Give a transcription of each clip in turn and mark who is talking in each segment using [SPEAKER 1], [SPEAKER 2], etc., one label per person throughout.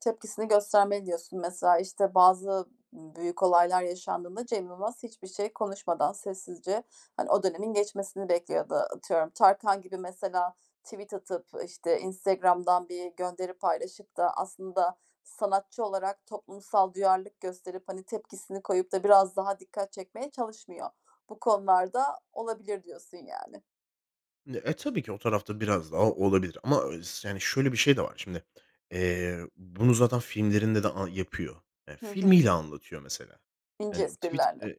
[SPEAKER 1] Tepkisini göstermeli diyorsun. Mesela, işte, bazı büyük olaylar yaşandığında Cem Yılmaz hiçbir şey konuşmadan, sessizce, hani, o dönemin geçmesini bekliyordu. Atıyorum, Tarkan gibi, mesela tweet atıp, işte, Instagram'dan bir gönderi paylaşıp da aslında sanatçı olarak toplumsal duyarlılık gösterip, hani, tepkisini koyup da biraz daha dikkat çekmeye çalışmıyor. Bu konularda olabilir diyorsun, yani.
[SPEAKER 2] N e, tabii ki, o tarafta biraz daha olabilir ama, eee, s yani, şöyle bir şey de var: Şimdi, eee, bunu zaten filmlerinde de a yapıyor. Ya,
[SPEAKER 1] Hı hı.
[SPEAKER 2] filmiyle anlatıyor mesela.
[SPEAKER 1] İnce
[SPEAKER 2] Hani, tweet
[SPEAKER 1] esprilerle.
[SPEAKER 2] e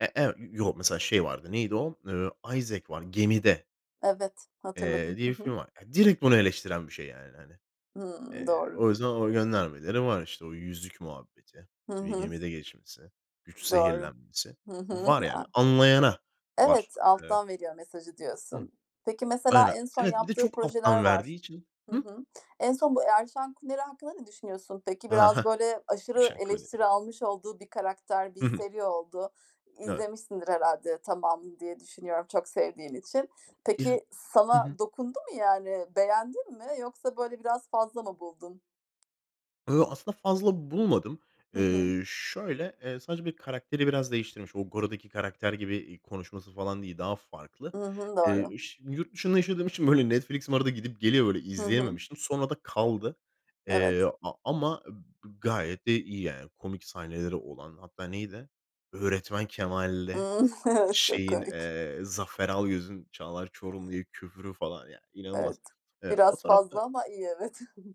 [SPEAKER 2] E ev ü yo, mesela şey vardı. Neydi o? Eee, Isaac var, gemide.
[SPEAKER 1] Evet,
[SPEAKER 2] Eee,
[SPEAKER 1] hatırladım.
[SPEAKER 2] diye
[SPEAKER 1] Hı
[SPEAKER 2] bir
[SPEAKER 1] hı.
[SPEAKER 2] film var. Ya, direkt bunu eleştiren bir şey, yani, hani.
[SPEAKER 1] Hımm,
[SPEAKER 2] Eee,
[SPEAKER 1] doğru.
[SPEAKER 2] o yüzden o göndermeleri var, işte. O yüzük muhabbeti,
[SPEAKER 1] Hı
[SPEAKER 2] işte, bir
[SPEAKER 1] hı.
[SPEAKER 2] gemide geçmesi, güç
[SPEAKER 1] Doğru.
[SPEAKER 2] zehirlenmesi.
[SPEAKER 1] Hı hı.
[SPEAKER 2] Var yani,
[SPEAKER 1] A
[SPEAKER 2] anlayana var.
[SPEAKER 1] Evet,
[SPEAKER 2] Eee
[SPEAKER 1] alttan veriyor mesajı
[SPEAKER 2] Hı.
[SPEAKER 1] diyorsun. Peki mesela
[SPEAKER 2] Aynen.
[SPEAKER 1] en son
[SPEAKER 2] Evet, bir de
[SPEAKER 1] yaptığı
[SPEAKER 2] çok
[SPEAKER 1] projeler
[SPEAKER 2] alttan verdiği
[SPEAKER 1] var
[SPEAKER 2] için,
[SPEAKER 1] Hı
[SPEAKER 2] hı
[SPEAKER 1] hı. En son bu "Erşan Kuneri" hakkında ne düşünüyorsun peki?
[SPEAKER 2] Ha
[SPEAKER 1] Biraz,
[SPEAKER 2] ha.
[SPEAKER 1] böyle, aşırı
[SPEAKER 2] Erşan Kuneri.
[SPEAKER 1] eleştiri almış olduğu bir karakter, bir
[SPEAKER 2] Hı hı.
[SPEAKER 1] seri oldu.
[SPEAKER 2] Evet.
[SPEAKER 1] İzlemişsindir herhâlde tamamını diye düşünüyorum çok sevdiğin için.
[SPEAKER 2] Ya
[SPEAKER 1] Peki
[SPEAKER 2] Hı
[SPEAKER 1] sana
[SPEAKER 2] hı.
[SPEAKER 1] dokundu mu yani beğendin mi yoksa, böyle, biraz fazla mı buldun?
[SPEAKER 2] Yo, aslında fazla bulmadım.
[SPEAKER 1] Hı hı.
[SPEAKER 2] Eee, şöyle, eee, sadece bir karakteri biraz değiştirmiş. O, "Gora"daki karakter gibi, iii, konuşması falan değil, daha farklı.
[SPEAKER 1] Hı hı, doğru.
[SPEAKER 2] Eee, ş yurt dışında yaşadığım için, böyle, Netflix'im arada gidip geliyor, böyle,
[SPEAKER 1] Hı hı.
[SPEAKER 2] izleyememiştim, sonra da kaldı. Eee,
[SPEAKER 1] Evet.
[SPEAKER 2] a ama ı bı gayet de iyi, yani, komik sahneleri olan. Hatta neydi? Öğretmen Kemal'le
[SPEAKER 1] Iıı, evet, çok
[SPEAKER 2] şeyin,
[SPEAKER 1] komik.
[SPEAKER 2] eee, Zafer Algöz'ün Çağlar Çorumlu'ya küfürü falan, yani, inanılmaz.
[SPEAKER 1] Evet.
[SPEAKER 2] Eee, o
[SPEAKER 1] Biraz fazla
[SPEAKER 2] tarafta
[SPEAKER 1] ama iyi, evet.